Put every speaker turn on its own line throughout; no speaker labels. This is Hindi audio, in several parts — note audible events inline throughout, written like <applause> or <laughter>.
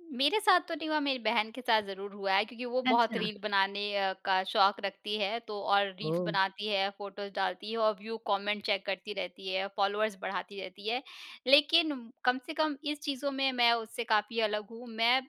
उ, मेरे साथ तो नहीं हुआ, मेरी बहन के साथ ज़रूर हुआ है क्योंकि वो बहुत
अच्छा।
रील बनाने अ, का शौक रखती है। तो और रील्स
ओह।
बनाती है, फोटोस डालती है और व्यू, कमेंट चेक करती रहती है, फ़ॉलोवर्स बढ़ाती रहती है। लेकिन कम से कम इस चीज़ों में मैं उससे काफ़ी अलग हूँ। मैं ज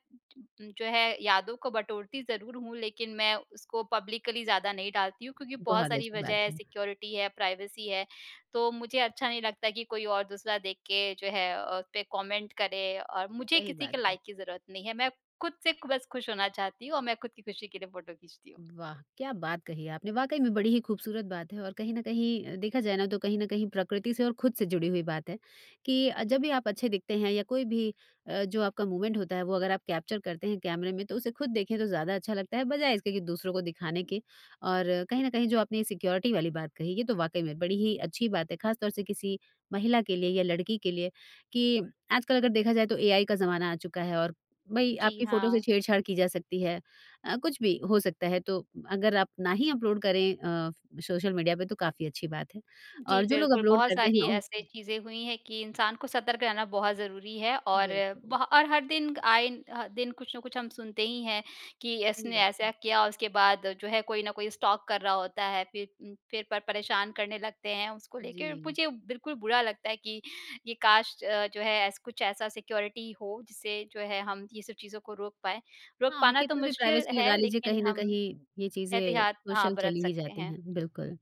जो है याद को बटोरती ज़रूर हूँ लेकिन मैं उसको पब्लिकली ज़्यादा नहीं डालती हूँ। क्योंकि बहुत
बहुत
सारी
अच्छी
वजह
बात
है
है।
सिक्योरिटी है, प्राइवेसी है। तो मुझे अच्छा नहीं लगता कि कोई और दूसरा देख के जो है अ, उस पे कमेंट करे और मुझे
सही
किसी
बात
के
है।
लाइक की ज़रूरत नहीं है। मैं खुद से बस खुश होना चाहती हूँ और मैं खुद की खुशी के लिए फोटो खींचती हूँ।
वाह क्या बात कही आपने! वाक़ई में बड़ी ही खूबसूरत बात है। और कहीं न कहीं अ, देखा जाए ना तो कहीं न कहीं प्रकृति से और खुद से जुड़ी हुई बात है। कि अ, जब भी आप अच्छे दिखते हैं या कोई भी अ, जो आपका मूमेंट होता है वो अगर आप कैप्चर करते हैं कैमरे में तो उसे खुद देखें तो ज़्यादा अच्छा लगता है बजाए इसके कि दूसरों को दिखाने के। और कहीं न कहीं जो आपने सिक्योरिटी वाली बात कही ये तो वाक़ई में बड़ी ही अच्छी बात है खासतौर से किसी महिला के लिए या लड़की के लिए। कि आजकल अगर देखा जाए तो एआई का ज़माना आ चुका है और भई
जी,
आपकी फोटो से
हाँ।
छेड़-छाड़ की जा सकती है। अ, कुछ भी हो सकता है। तो अगर आप ना ही अपलोड करें अ, सोशल मीडिया पे तो काफ़ी अच्छी बात है।
जी
और जो लोग
बिल्कुल,
अपलोड
बहुत
करते हैं
सारी
औं
ऐसी चीज़ें हुई हैं कि इंसान को सतर्क रहना बहुत ज़रूरी है। और ब
बिल्कुल।
और हर दिन आए ह दिन कुछ ना कुछ हम सुनते ही हैं कि
सही
इसने
बात
ऐसा
है।
किया और उसके बाद जो है कोई न कोई स्टॉक कर रहा होता है। फिर उम, फिर पर परेशान करने लगते हैं उसको लेके।
जी।
मुझे बिल्कुल बुरा लगता है कि, ये काश अ, जो है ऐस कुछ ऐसा सिक्योरिटी हो जिससे जो है हम ये सब चीज़ों को रोक पाएँ। रोक
हाँ
पाना तो
कितनी भी
मुश्किल
प्राइवेसी लगा
है
लीजिए
लेकिन
कहीं न
हम
कहीं ये चीज़ें
एहतियात हाँ,
सोशल
बरत
चली ही
सकते
जाती
हैं।
हैं बिल्कुल।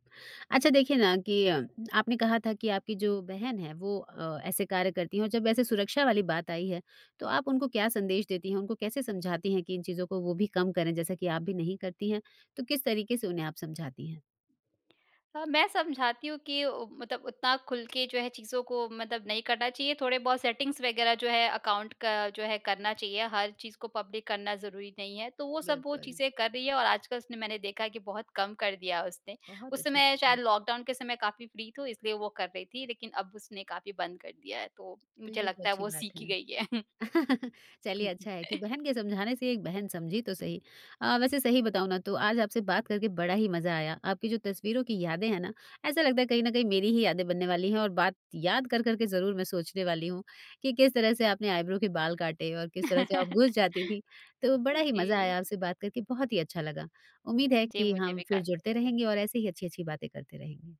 अच्छा देखिए ना कि अ, आपने कहा था कि आपकी जो बहन है वो अ, ऐसे कार्य करती हैं। और जब ऐसे सुरक्षा वाली बात आई है तो आप उनको क्या संदेश देती हैं उनको कैसे समझाती हैं कि इन चीज़ों को वो भी कम करें? जैसा कि आप भी नहीं करती हैं तो किस तरीके से उन्हें आप समझाती हैं?
हाँ, मैं समझाती हूँ कि ओ, मतलब उतना खुल के जो है चीज़ों को मतलब नहीं करना चाहिए। थोड़े बहुत सेटिंग्स वगैरह जो है अकाउंट का जो है करना चाहिए। हर चीज़ को पब्लिक करना ज़रूरी नहीं है। तो वो सब वो
बिल्कुल।
चीज़ें कर रही है। और आज कल उसने मैंने देखा है कि बहुत कम कर दिया है उसने।
बहुत
उस
अच्छी बात
समय
है।
शायद लॉक डाउन के समय काफ़ी फ्री थी इसलिए वो कर रही थी लेकिन अब उसने काफ़ी बंद कर दिया है। तो
तो
मुझे
ये तो
लगता है
अच्छी
वो
बात
सीख ही
है।
गई है। <chuckles>
<chuckles> चलिए अच्छा है कि
<chuckles>
बहन के समझाने से एक बहन समझी तो सही। अ, वैसे सही बताऊँ ना तो आज आपसे बात करके बड़ा ही मज़ा आया। आपकी जो तस्वीरों की यादें हैं ना ऐसा लगता है कहीं न कहीं मेरी ही यादें बनने वाली हैं और बात याद कर कर के ज़रूर मैं सोचने वाली हूँ कि किस तरह से आपने आइब्रो के बाल काटे और किस तरह से आप घुस जाती
<chuckles>
थी। तो बड़ा ही मज़ा
जी।
आया आपसे बात करके, बहुत ही अच्छा लगा। उम्मीद है
जी
कि
मुझे
हम
भी
फिर
काफ़ी
जुड़ते
अच्छा लगा।
रहेंगे और ऐसे ही अच्छी-अच्छी बातें करते रहेंगे।